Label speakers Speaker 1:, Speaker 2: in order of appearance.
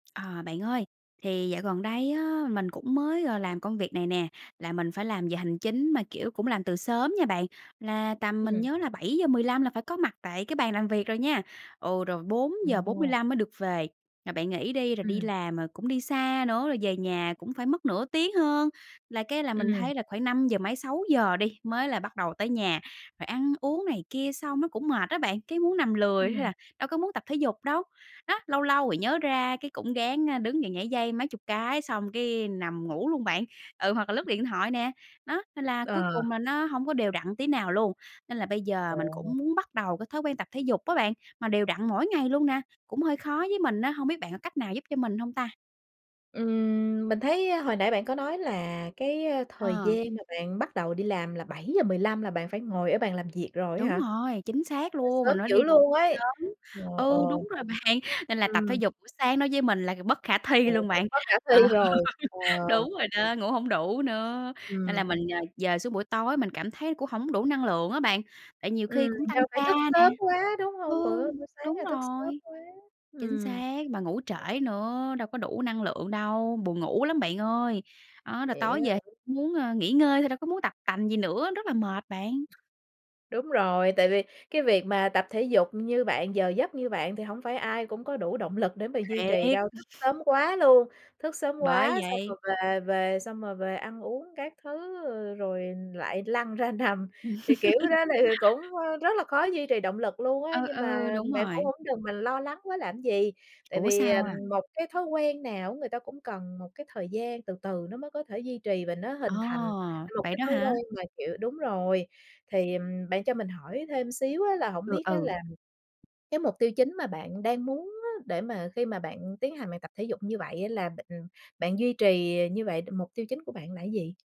Speaker 1: À, bạn ơi! Thì dạo gần đây á mình cũng mới, ờ, làm công việc này nè, là mình phải làm giờ hành chính mà, kiểu, cũng làm từ sớm nha bạn, là tầm mình
Speaker 2: Ừm.
Speaker 1: nhớ là 7:15 là phải có mặt tại cái bàn làm việc rồi nha. Ừ, rồi bốn giờ bốn mươi
Speaker 2: Ồ.
Speaker 1: lăm mới được về. Rồi bạn nghĩ đi, rồi đi
Speaker 2: Ừm.
Speaker 1: làm, rồi cũng đi xa nữa, rồi về nhà cũng phải mất nửa tiếng hơn là cái là mình
Speaker 2: Ừm.
Speaker 1: thấy là khoảng năm giờ mấy, 6:00 đi mới là bắt đầu tới nhà, rồi ăn uống này kia xong nó cũng mệt á bạn, cái muốn nằm lười hay
Speaker 2: Ừm.
Speaker 1: là đâu có muốn tập thể dục đâu. Đó, lâu lâu thì nhớ ra cái cũng ráng, a, đứng dậy nhảy dây mấy chục cái xong cái nằm ngủ luôn bạn, ừ, hoặc là lướt điện thoại nè, nó, nên là cuối
Speaker 2: Ờ.
Speaker 1: cùng là nó hổng có đều đặn tí nào luôn. Nên là bây giờ mình
Speaker 2: Ồ.
Speaker 1: cũng muốn bắt đầu cái thói quen tập thể dục á bạn, mà đều đặn mỗi ngày luôn nè, cũng hơi khó với mình á, hông biết bạn có cách nào giúp cho mình hông ta?
Speaker 2: Ừm, mình thấy, a, hồi nãy bạn có nói là cái, a, thời
Speaker 1: À.
Speaker 2: gian mà bạn bắt đầu đi làm là 7:15 là bạn phải ngồi ở bàn làm việc rồi á
Speaker 1: Đúng
Speaker 2: hả?
Speaker 1: rồi, chính xác
Speaker 2: Trời ơi,
Speaker 1: luôn,
Speaker 2: sớm
Speaker 1: mình phải
Speaker 2: dữ
Speaker 1: đi
Speaker 2: luôn ấy!
Speaker 1: sớm.
Speaker 2: Ờ, ờ.
Speaker 1: Ừ, đúng rồi bạn, nên là tập thể
Speaker 2: Ừm.
Speaker 1: dục buổi sáng nói với mình là bất khả
Speaker 2: Ờ,
Speaker 1: thi luôn
Speaker 2: chứ
Speaker 1: bạn.
Speaker 2: bất khả
Speaker 1: Ờ,
Speaker 2: thi rồi. Ờ.
Speaker 1: đúng rồi đó, ngủ hổng đủ nữa, nên
Speaker 2: Ừm.
Speaker 1: là mình, ờ, dời xuống buổi tối mình cảm thấy cũng hổng đủ năng lượng á bạn, tại nhiều khi
Speaker 2: Ừm,
Speaker 1: cũng
Speaker 2: do
Speaker 1: tăng
Speaker 2: phải
Speaker 1: ca
Speaker 2: thức
Speaker 1: nè.
Speaker 2: sớm quá, đúng hông?
Speaker 1: Ừ.
Speaker 2: Bữa bữa sáng
Speaker 1: Đúng
Speaker 2: là thức sớm
Speaker 1: rồi.
Speaker 2: quá.
Speaker 1: Chính
Speaker 2: Ừm.
Speaker 1: xác, mà ngủ
Speaker 2: Ừm.
Speaker 1: trễ nữa, đâu có đủ năng lượng đâu, buồn ngủ lắm bạn ơi. Đó, rồi
Speaker 2: Vậy
Speaker 1: tối
Speaker 2: á
Speaker 1: về
Speaker 2: hả?
Speaker 1: cũng muốn, a, nghỉ ngơi thôi đâu có muốn tập tành gì nữa, rất là mệt bạn.
Speaker 2: Đúng rồi, tại vì cái việc mà tập thể dục như bạn, giờ giấc như bạn thì hổng phải ai cũng có đủ động lực để mà duy trì
Speaker 1: Thiệt.
Speaker 2: đâu, thức sớm quá luôn, thức sớm
Speaker 1: Bởi
Speaker 2: quá xong
Speaker 1: vậy.
Speaker 2: rồi về về xong rồi về ăn uống các thứ, ờ, rồi lại lăn ra nằm, thì, kiểu, đó thì cũng, ơ, rất là khó có duy trì động lực luôn á,
Speaker 1: Ừ,
Speaker 2: nhưng mà
Speaker 1: ừ, đúng
Speaker 2: bạn cũng
Speaker 1: rồi.
Speaker 2: hổng đừng mình lo lắng quá làm cái gì, tại
Speaker 1: Ủa
Speaker 2: vì, ờ,
Speaker 1: sao à?
Speaker 2: một cái thói quen nào á người ta cũng cần một cái thời gian từ từ nó mới có thể duy trì và nó hình
Speaker 1: Ờ,
Speaker 2: thành một
Speaker 1: vậy
Speaker 2: cái
Speaker 1: đó
Speaker 2: thói
Speaker 1: hả?
Speaker 2: quen mà, kiểu đúng rồi, thì, ừm, bạn cho mình hỏi thêm xíu á là hổng
Speaker 1: Ừ,
Speaker 2: biết á
Speaker 1: ừ.
Speaker 2: là cái mục tiêu chính mà bạn đang muốn á để mà khi mà bạn tiến hành bài tập thể dục như vậy á là b ưm, bạn duy trì, ờ, như vậy mục tiêu chính của bạn là gì?